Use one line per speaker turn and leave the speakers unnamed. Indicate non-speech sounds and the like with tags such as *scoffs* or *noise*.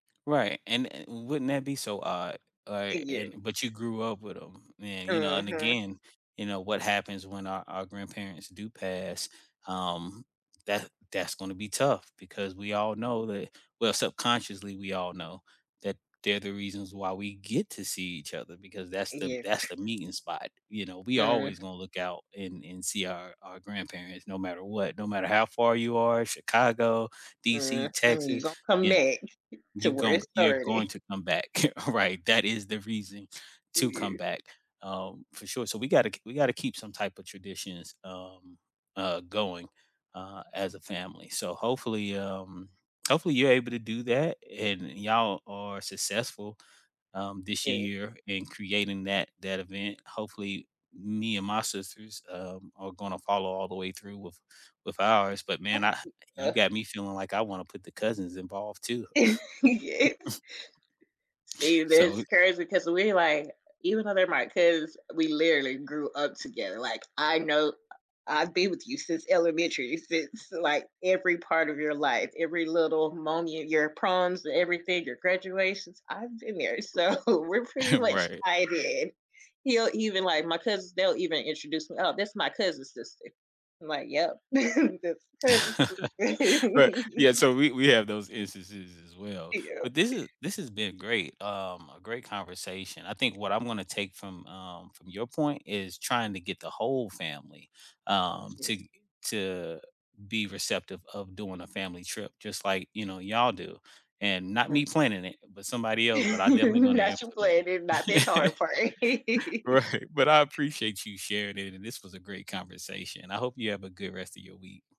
Right, and, eh, wouldn't that be so odd, like,
Yeah.
and but
*scoffs*
you grew up with 'em. Man, you know, and
Mhm.
again, you know, what happens when our our grandparents do pass, um, that that's gonna be tough because we all know that well, subconsciously we all know that they're the reasons why we get to see each other, because that's the
Yes.
that's
*chuckles*
the meeting spot. You know, we always
Mhm.
gonna look out and and see our our grandparents no matter what, no matter how far you are- Chicago,
Mm,
DC,
and you
Texas-
gonna come
you know,
back *chuckles* to
you
where
goin
it
you're
started.
going to come back, *chuckles* right? That is the reason to come
Yeah.
back, um, for sure. So, we gotta kee we gotta keep some type of traditions, um, uh, going, uh, as a family, so hopefully, um hopefully you're able to do that, and y'all are successful, um,
S
this
to
year in creating that that event. Hopefully me and my sisters, um, are gonna follow all the way through with with ours, but man, I you
*unintelligible*
got me feeling like I wanna put the cousins involved, too.
Yes.
*chuckles*
See,
So,
that's
we
crazy, 'cause we like even though they're my cuz, we literally grew up together, like, "I know I've been with you since elementary, since like every part of your life. Every little moment: your proms and everything, your graduations, I've been there. So, we're pretty
*chuckles*
much
Right.
tied in." He'll even like my cousins, they'll even introduce me, "Oh, this my cousin-sister," I'm like, "Yep, *chuckles* his cousin-sister."
*chuckles* Right, yeah,
*laughs*
so we we have those instances as well.
Yep.
But this is
*chuckles*
this has been great, um, a great conversation. I think what I'm gonna take from, um from your point is trying to get the whole family, um, to
*unintelligible*
g to be receptive of doing a family trip just like, you know, y'all do. And not
*unintelligible*
me planning it, but somebody
*laughs*
else, but I'm definitely
And
gonna
that's your
implement it.
plan, and not that hard
*chuckles*
part. *laughs*
Right, but I appreciate you sharing it, and this was a great conversation. I hope you have a good rest of your week.